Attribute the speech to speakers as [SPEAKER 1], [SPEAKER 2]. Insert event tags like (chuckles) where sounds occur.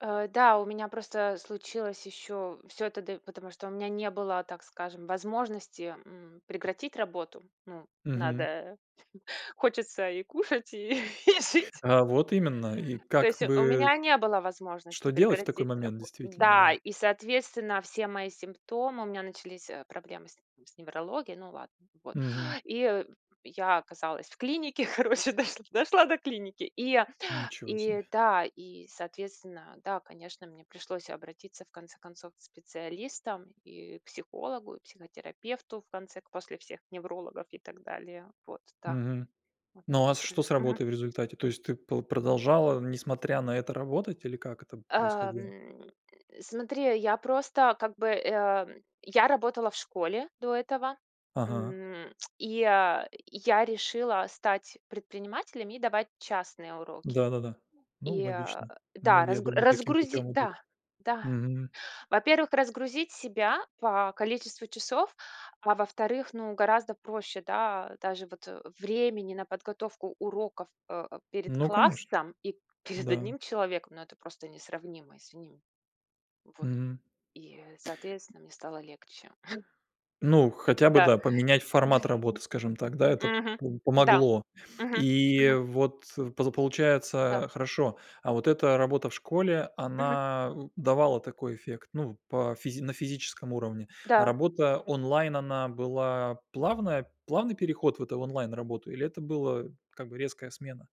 [SPEAKER 1] Э, да, у меня просто случилось ещё всё это д потому что у меня не было, так скажем, возможности, м, прекратить работу. Ну,
[SPEAKER 2] Мгм.
[SPEAKER 1] надо хочется и кушать, и жить
[SPEAKER 2] А вот именно. И
[SPEAKER 1] То
[SPEAKER 2] как
[SPEAKER 1] есть, э, у меня
[SPEAKER 2] бы
[SPEAKER 1] не было
[SPEAKER 2] Что
[SPEAKER 1] возможности
[SPEAKER 2] делать в такой
[SPEAKER 1] прекратить
[SPEAKER 2] момент,
[SPEAKER 1] рабо
[SPEAKER 2] действительно,
[SPEAKER 1] Да,
[SPEAKER 2] да?
[SPEAKER 1] и, соответственно, все мои симптомы: у меня начались, э, проблемы с не с неврологией, ну ладно, вот.
[SPEAKER 2] Мгм.
[SPEAKER 1] И, э, я оказалась в клинике, короче, дош дошла до клиники. И,
[SPEAKER 2] Ничего
[SPEAKER 1] и,
[SPEAKER 2] себе.
[SPEAKER 1] да, и, соответственно, да, конечно, мне пришлось обратиться в конце концов к специалистам и к психологу, и психотерапевту, в конце к после всех неврологов, и так далее. Вот, да
[SPEAKER 2] Мгм.
[SPEAKER 1] Вот
[SPEAKER 2] Ну а
[SPEAKER 1] такое
[SPEAKER 2] с что с
[SPEAKER 1] произошло. Мгм.
[SPEAKER 2] работой в результате, то есть ты по продолжала, несмотря на это, работать или как это б
[SPEAKER 1] А,
[SPEAKER 2] происходило?
[SPEAKER 1] м, (grunts) Смотри, я просто как бы, э, м, я работала в школе, до этого,
[SPEAKER 2] Ага.
[SPEAKER 1] м, (tsk) и я я решила стать предпринимателем и давать частные уроки.
[SPEAKER 2] Да-да-да. Ну,
[SPEAKER 1] И, а,
[SPEAKER 2] логично.
[SPEAKER 1] да,
[SPEAKER 2] Многие, я
[SPEAKER 1] раз
[SPEAKER 2] думаю, таким
[SPEAKER 1] разгруз
[SPEAKER 2] путём идут.
[SPEAKER 1] да, да,
[SPEAKER 2] Мгм.
[SPEAKER 1] во-первых, разгрузить себя, по количеству часов, а, во-вторых, ну, гораздо проще, да, даже вот времени на подготовку уроков, э, перед
[SPEAKER 2] Ну конечно.
[SPEAKER 1] классом, и перед
[SPEAKER 2] Да.
[SPEAKER 1] 1 человеком. Ну, это просто несравнимо, извини. Вот.
[SPEAKER 2] Мгм.
[SPEAKER 1] И, э, соответственно, мне стало легче. (chuckles)
[SPEAKER 2] Ну, хотя бы,
[SPEAKER 1] Да.
[SPEAKER 2] да, поменять формат работы, скажем так,
[SPEAKER 1] (chuckles)
[SPEAKER 2] да. Это
[SPEAKER 1] Мгм.
[SPEAKER 2] по
[SPEAKER 1] Да.
[SPEAKER 2] помогло.
[SPEAKER 1] Мгм,
[SPEAKER 2] И
[SPEAKER 1] мгм.
[SPEAKER 2] вот, поза
[SPEAKER 1] Да.
[SPEAKER 2] получается хорошо А вот эта работа в школе,
[SPEAKER 1] Мгм.
[SPEAKER 2] она н давала какой эффект, ну, по физи на физическом уровне. А
[SPEAKER 1] Да.
[SPEAKER 2] работа онлайн, она была плавная плавный переход в эту онлайн-работу, или это было, как бы, резкая смена?